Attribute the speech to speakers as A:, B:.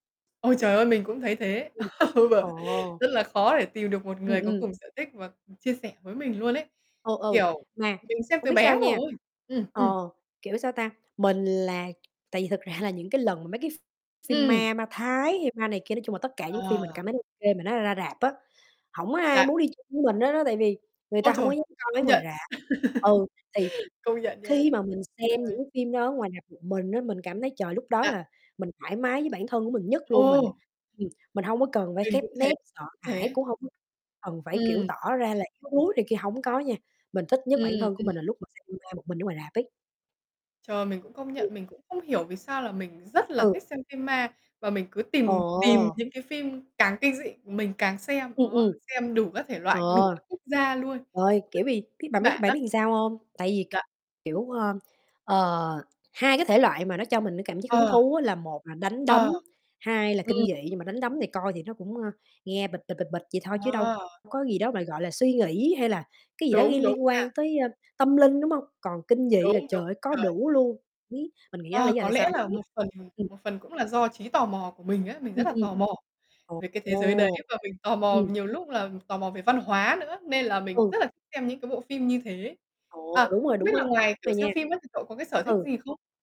A: Ôi, trời ơi! Mình cũng thấy thế!
B: Ừm.
A: Ừ.
B: Ồ!
A: Rất là khó để tìm được một
B: Ừm,
A: người có
B: ừm.
A: cùng sở thích và cùng chia sẻ với mình luôn ấy.
B: Ừ, ừ,
A: Kiểu,
B: mà
A: mình xem
B: không
A: từ
B: biết
A: bé
B: sao nha,
A: rồi. Ừm, ừm.
B: ờ, kiểu sao ta? Mình là tại vì thực ra là những cái lần mà mấy cái ph phim
A: Ừm.
B: ma ma Thái, hay ma này kia, nói chung là, tất cả những phim mình
A: Ờ.
B: cảm thấy ô kê mà nó ra rạp á, hổng ai
A: Dạ.
B: muốn đi chung với mình hết á. Tại vì người
A: Ôi
B: ta hông
A: trời!
B: có dám coi mấy
A: Công
B: ngoài
A: nhận,
B: rạp. Ừ, thì
A: công nhận
B: khi
A: nha!
B: mà mình
A: Ờ.
B: xem những cái phim đó ở ngoài rạp một mình á, mình cảm thấy, trời, lúc đó
A: Dạ.
B: là mình thoải mái với bản thân của mình nhất luôn. Mình
A: Ồ!
B: ừm, mình hông có cần phải
A: Mình
B: khép
A: cũng thế
B: nép, sợ hãi
A: thế.
B: cũng hông có cần phải, kiểu,
A: Ừm.
B: tỏ ra là yếu đuối này kia. Hổng có nha, mình thích nhất bản
A: Ừm,
B: thân của mình là
A: ừm.
B: lúc mình xem phim ma một mình ở ngoài rạp ấy.
A: Trời! Mình cũng công
B: Ừm.
A: nhận, mình cũng không hiểu vì sao là mình rất là
B: Ừ.
A: thích xem phim ma. Và mình cứ tìm tìm
B: Ồ!
A: những cái phim càng kinh dị, mình càng xem,
B: Ừm,
A: đó.
B: ừm,
A: Xem đủ các thể
B: ờ,
A: loại, đủ các quốc gia luôn.
B: rồi, kiểu, vì biết bạn biết
A: Bạn
B: bạn
A: á.
B: biết sao hông? Tại vì kh
A: Dạ.
B: kiểu, ơ, ờ, hai cái thể loại mà nó cho mình cái cảm giác hứng
A: Ờ.
B: thú á, là một là đánh
A: Ờ,
B: đấm, hai là kinh dị.
A: ừm.
B: Nhưng mà đánh đấm thì coi thì nó cũng, ờ, nghe bịch, bịch, bịch, bịch vậy thôi, chứ đâu
A: À!
B: có gì đó mà, gọi là, suy nghĩ hay là cái gì đó
A: Đúng,
B: liên
A: đúng
B: liên
A: nha.
B: quan tới tâm linh, đúng hông? Còn kinh dị là,
A: Đúng, đúng,
B: trời ơi, có
A: rồi.
B: đủ luôn. Biết mình nghĩ đó là
A: Ờ,
B: lý do
A: có
B: tại
A: lẽ
B: sao mình
A: là
B: quyết
A: một phần
B: ừm.
A: một phần cũng là do trí tò mò của mình á, mình rất
B: Ừm,
A: là
B: ừm.
A: tò mò về cái thế giới đấy,
B: Ồ!
A: và mình tò mò
B: Ừm.
A: nhiều lúc là tò mò về văn hóa nữa. Nên là mình
B: Ừ.
A: rất là thích xem những cái bộ phim như thế.
B: Ồ!
A: À,
B: Đúng rồi,
A: không biết
B: đúng á
A: là ngoài, kiểu,
B: rồi nha.
A: xem phim á, thì cậu có cái sở thích gì
B: Ừ.
A: không?